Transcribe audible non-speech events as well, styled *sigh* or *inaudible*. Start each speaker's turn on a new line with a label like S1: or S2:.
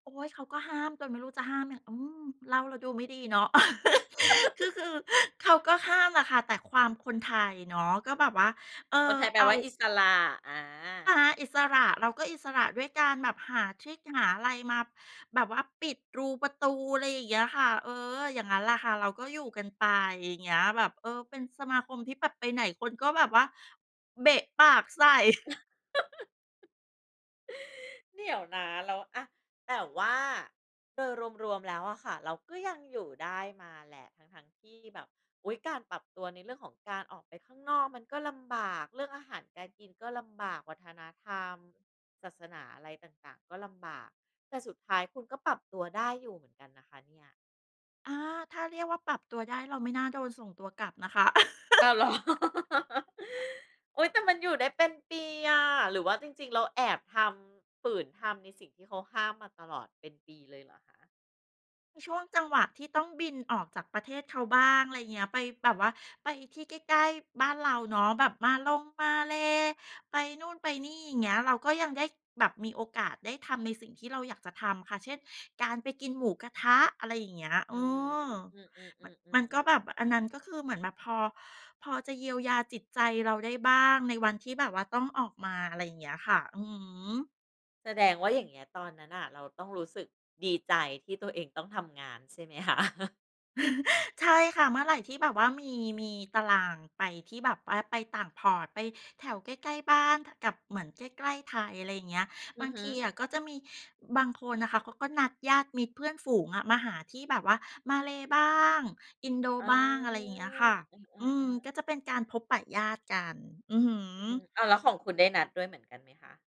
S1: โอ๊ย เขาก็ห้ามจนไม่รู้จะห้ามยัง อืม เล่าแล้วดูไม่ดีเนาะ *chuckles* คือ
S2: *laughs*
S1: คือเขาก็ห้ามแหละค่ะ แต่ความคนไทยเนาะ ก็แบบว่า เออ
S2: คนไทยแปล
S1: เอา
S2: ว่าอิสระ อ
S1: ห
S2: า
S1: าอิสระ เราก็อิสระด้วยการแบบหาทริกหาอะไรมาแบบว่าปิดรูประตู อะไรอย่างเงี้ยค่ะ เออ อย่างงั้นแหละค่ะ เราก็อยู่กันไปอย่างเงี้ยแบบ เออ เป็นสมาคมที่แบบไปไหนคนก็แบบว่าเบะปากใส่
S2: *giggles* เดี๋ยวนะ แล้ว อา แต่ว่าโดยรวม ๆ แล้วอะค่ะ เราก็ยังอยู่ได้มาแหละ ทั้ง ๆ ที่แบบ อุ๊ย! การปรับตัวในเรื่องของการออกไปข้างนอกมันก็ลำบาก เรื่องอาหารการกินก็ลำบาก วัฒนธรรม ศาสนา อะไรต่าง ๆ ก็ลำบาก แต่สุดท้ายคุณก็ปรับตัวได้อยู่เหมือนกันนะคะเนี่ย
S1: อา ถ้าเรียกว่าปรับตัวได้ เราไม่น่าโดนส่งตัวกลับนะคะ
S2: อ้าว เหรอ
S1: *chuckles*
S2: *laughs* อุ๊ย แต่มันอยู่ได้เป็นปีอะ หรือว่าจริง ๆ เราแอบทำ ฝืนทำในสิ่งที่เขาห้ามมาตลอดเป็นปีเลยเหรอคะ?
S1: ช่วงจังหวะที่ต้องบินออกจากประเทศเขาบ้าง อะไรเงี้ย ไปแบบว่าไปที่ใกล้ ๆ บ้านเราเนาะ แบบมาลง มาเลย์ ไปนู่น ไปนี่ อย่างเงี้ย เราก็ยังได้แบบมีโอกาสได้ทำในสิ่งที่เราอยากจะทำค่ะ เช่น การไปกินหมูกระทะ อะไรอย่างเงี้ย เ
S2: อ
S1: อ
S2: ือ
S1: อ
S2: อื
S1: มัน มั
S2: อ
S1: น
S2: ๆ
S1: ก
S2: ๆ
S1: ็
S2: ๆ
S1: แบบ อันนั้นก็คือเหมือนแบบพอ พอจะเยียวยาจิตใจเราได้บ้าง ในวันที่แบบว่าต้องออกมา อะไรอย่างเงี้ยค่ะ อือฮึ
S2: แสดงว่าอย่างเงี้ยตอนนั้นน่ะเราต้องรู้สึกดีใจที่ตัวเองต้องทำงานใช่ไหม คะ? *chuckles*
S1: *chuckles* ใช่ค่ะ เมื่อไรที่แบบว่ามี มีตารางไปที่แบบว่าไปต่าง Port ไปแถวใกล้ ๆ บ้าน ท กับเหมือนใกล้ ๆ ไทย อะไรอย่างเงี้ย
S2: อื
S1: บา
S2: อ
S1: ง
S2: ฮึ
S1: ทีอะก็จะมีบางคนน่ะค่ะเขาก็นัดญาติมิตรเพื่อนฝูงอะมาหาที่แบบว่ามาเลย์บ้าง อินโด
S2: อ๋อ
S1: บ้าง อะไรอย่างเงี้ยค่ะ
S2: อ
S1: อืม
S2: า ๆ ๆ
S1: ก็จะเป็นการพบปะญาติกัน อือฮ
S2: อือฮึ
S1: ึ
S2: อ้าว แล้วของคุณได้นัดด้วยเหมือนกันไหมคะ?